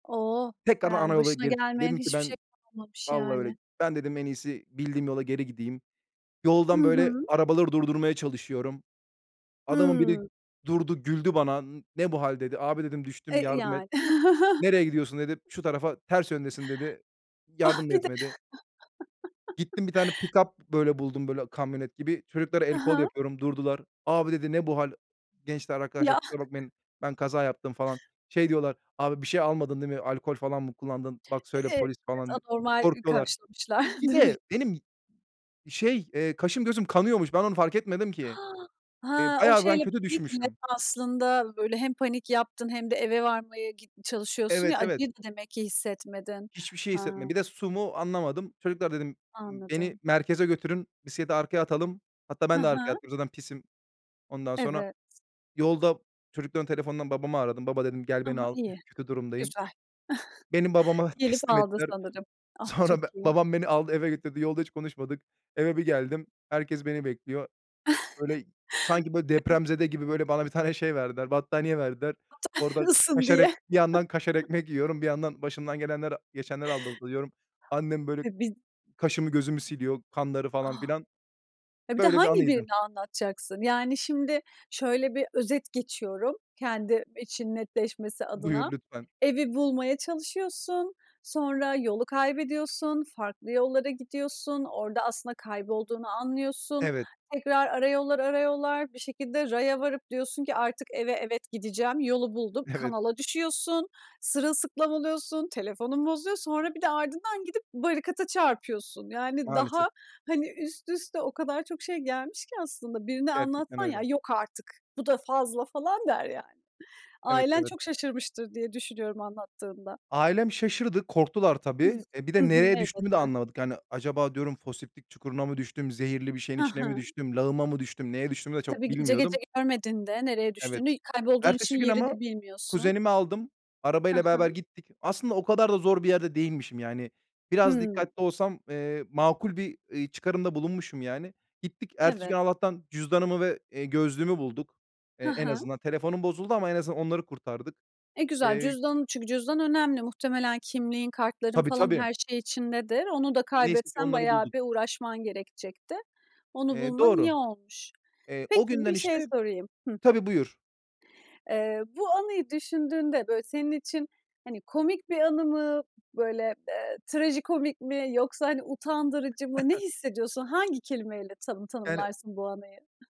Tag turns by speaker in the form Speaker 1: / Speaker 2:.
Speaker 1: O!
Speaker 2: Tekrardan ana
Speaker 1: Yani,
Speaker 2: yola
Speaker 1: başına
Speaker 2: geri çıktım.
Speaker 1: gelmeyen
Speaker 2: Dedim ki
Speaker 1: hiçbir şey
Speaker 2: ben
Speaker 1: kalmamış
Speaker 2: Vallahi öyle.
Speaker 1: yani.
Speaker 2: "Ben," dedim, "en iyisi bildiğim yola geri gideyim."
Speaker 1: Hı
Speaker 2: Yoldan, böyle,
Speaker 1: hı.
Speaker 2: arabaları durdurmaya çalışıyorum. Adamın biri
Speaker 1: Hıı.
Speaker 2: durdu, güldü bana. "N ne bu hâl?" dedi. "Abi" dedim, "düştüm.
Speaker 1: E
Speaker 2: Yardım et."
Speaker 1: yani.
Speaker 2: "Nereye gidiyorsun?" dedi. "Şu tarafa, ters yöndesin." dedi.
Speaker 1: Ah!
Speaker 2: Yardım da
Speaker 1: Bir de
Speaker 2: etmedi. Gittim, bir tane pikap, böyle, buldum, böyle, kamyonet gibi. Çocuklara el
Speaker 1: Hı
Speaker 2: kol
Speaker 1: hı.
Speaker 2: yapıyorum durdular. "Abi" dedi, "ne bu hâl?" "Gençler arkadaşlar
Speaker 1: Ya!
Speaker 2: kusura bakmayın ben kaza yaptım." falan. Şey diyorlar, "Abi, bir şey almadın değil mi? Alkol falan mı kullandın? Bak,
Speaker 1: E
Speaker 2: söyle.
Speaker 1: evet,
Speaker 2: Polis" falan diye.
Speaker 1: anormal
Speaker 2: Korkuyorlar.
Speaker 1: karşılamışlar
Speaker 2: Bir
Speaker 1: demek.
Speaker 2: de benim şey, eee, kaşım gözüm kanıyormuş. Ben onu fark etmedim ki. Eee,
Speaker 1: Ha, o
Speaker 2: bayağı ben
Speaker 1: şeyle
Speaker 2: kötü
Speaker 1: [unintelligible] ki evet,
Speaker 2: düşmüşüm.
Speaker 1: aslında, böyle, hem panik yaptın hem de eve varmaya git çalışıyorsun
Speaker 2: Evet,
Speaker 1: ya
Speaker 2: evet.
Speaker 1: acıyı da demek ki hissetmedin.
Speaker 2: Hiçbir şey hissetmedim.
Speaker 1: Ha.
Speaker 2: Bir de su, mu anlamadım. "Çocuklar," dedim, ımm, "beni
Speaker 1: Anladım.
Speaker 2: merkeze götürün, bisiklete arkaya atalım." Hatta
Speaker 1: Hı
Speaker 2: ben de arkaya
Speaker 1: hı.
Speaker 2: atladım zaten pisim. Ondan sonra,
Speaker 1: Evet.
Speaker 2: yolda çocukların telefondan babamı aradım. "Baba dedim gel
Speaker 1: Hı
Speaker 2: beni
Speaker 1: hı.
Speaker 2: al.
Speaker 1: İyi.
Speaker 2: Kötü durumdayım."
Speaker 1: Güzel.
Speaker 2: Beni babama
Speaker 1: Gelip
Speaker 2: teslim
Speaker 1: aldı
Speaker 2: ettiler.
Speaker 1: sanırım. Ah, çok
Speaker 2: Sonra be
Speaker 1: iyi.
Speaker 2: babam beni aldı eve götürdü, yolda hiç konuşmadık. Eve bir geldim, herkes beni bekliyor. Böyle, sanki böyle, depremzede gibi, böyle, bana bir tane şey verdiler, battaniye verdiler. Orada
Speaker 1: [unintelligible]
Speaker 2: kaşar
Speaker 1: Diye.
Speaker 2: ekm bir yandan kaşar ekmek yiyorum, bir yandan başımdan gelenleri, geçenleri anlatıyorum. Annem böyle,
Speaker 1: [unintelligible]
Speaker 2: kaşımı gözümü siliyor, kanları
Speaker 1: A!
Speaker 2: falan filan.
Speaker 1: E, bir de
Speaker 2: Böyle bir
Speaker 1: hangi
Speaker 2: anıydı.
Speaker 1: birini anlatacaksın? Yani şimdi şöyle bir özet geçiyorum, kendim için netleşmesi adına.
Speaker 2: Buyur, lütfen.
Speaker 1: Evi bulmaya çalışıyorsun, sonra yolu kaybediyorsun, farklı yollara gidiyorsun, orada aslında kaybolduğunu anlıyorsun.
Speaker 2: Evet.
Speaker 1: Tekrar ara yollar, ara yollar, bir şekilde raya varıp diyorsun ki, "Artık eve, evet, gideceğim, yolu bulduk."
Speaker 2: Evet.
Speaker 1: Kanala düşüyorsun, sırılsıklam oluyorsun, telefonun bozuyor. Sonra bir de ardından gidip barikata çarpıyorsun. Yani
Speaker 2: Maalesef.
Speaker 1: daha, hani, üst üste o kadar çok şey gelmiş ki aslında. Birine
Speaker 2: Gerçekten
Speaker 1: anlatsan, "Ya,
Speaker 2: öyle.
Speaker 1: yok artık! Bu da fazla." falan der yani.
Speaker 2: Evet,
Speaker 1: Ailen
Speaker 2: evet.
Speaker 1: çok şaşırmıştır, diye düşünüyorum anlattığında.
Speaker 2: Ailem şaşırdı, korktular tabii. Eee, bir
Speaker 1: Hı
Speaker 2: de
Speaker 1: hı,
Speaker 2: nereye düştüğümü de
Speaker 1: elbette.
Speaker 2: anlamadık. Yani, acaba diyorum, "Foseptik çukuruna mı düştüm? Zehirli bir şeyin
Speaker 1: Ha
Speaker 2: içine mi
Speaker 1: ha.
Speaker 2: düştüm? Lağıma mı düştüm?" Neye düştüğümü de çok
Speaker 1: Tabii, gece gece
Speaker 2: bilmiyordum.
Speaker 1: görmedin de nereye
Speaker 2: Evet,
Speaker 1: düştüğünü. Kaybolduğun için
Speaker 2: ertesi gün
Speaker 1: yeri
Speaker 2: ama
Speaker 1: de bilmiyorsun.
Speaker 2: kuzenimi aldım,
Speaker 1: Ha
Speaker 2: arabayla beraber
Speaker 1: ha.
Speaker 2: gittik. Aslında o kadar da zor bir yerde değilmişim yani. Biraz
Speaker 1: Hıı.
Speaker 2: dikkatli olsam, eee, makul bir, iii, çıkarımda bulunmuşum yani. Gittik, ertesi gün
Speaker 1: Evet.
Speaker 2: Allah'tan cüzdanımı ve, eee, gözlüğümü bulduk. Eee,
Speaker 1: Hı
Speaker 2: en
Speaker 1: hı.
Speaker 2: azından telefonum bozuldu ama en azından onları kurtardık.
Speaker 1: Eee, güzel
Speaker 2: Eee
Speaker 1: cüzdan çünkü cüzdan önemli. Muhtemelen kimliğin, kartların
Speaker 2: Tabii,
Speaker 1: falan
Speaker 2: tabii.
Speaker 1: her şey içindedir. Onu da
Speaker 2: Neyse ki
Speaker 1: kaybetsen
Speaker 2: onları
Speaker 1: bayağı
Speaker 2: bulduk.
Speaker 1: bir uğraşman gerekecekti. Onu
Speaker 2: Eee,
Speaker 1: bulman iyi
Speaker 2: doğru.
Speaker 1: olmuş.
Speaker 2: Eee,
Speaker 1: Peki,
Speaker 2: o günden,
Speaker 1: bir şey
Speaker 2: işte
Speaker 1: sorayım Hıh.
Speaker 2: Tabii, buyur.
Speaker 1: Eee, bu anıyı düşündüğünde, böyle, senin için, hani, komik bir anı mı? Böyle, eee, trajikomik mi yoksa, hani, utandırıcı mı? Ne hissediyorsun? Hangi kelimeyle tanı
Speaker 2: Yani
Speaker 1: tanımlarsın bu anıyı?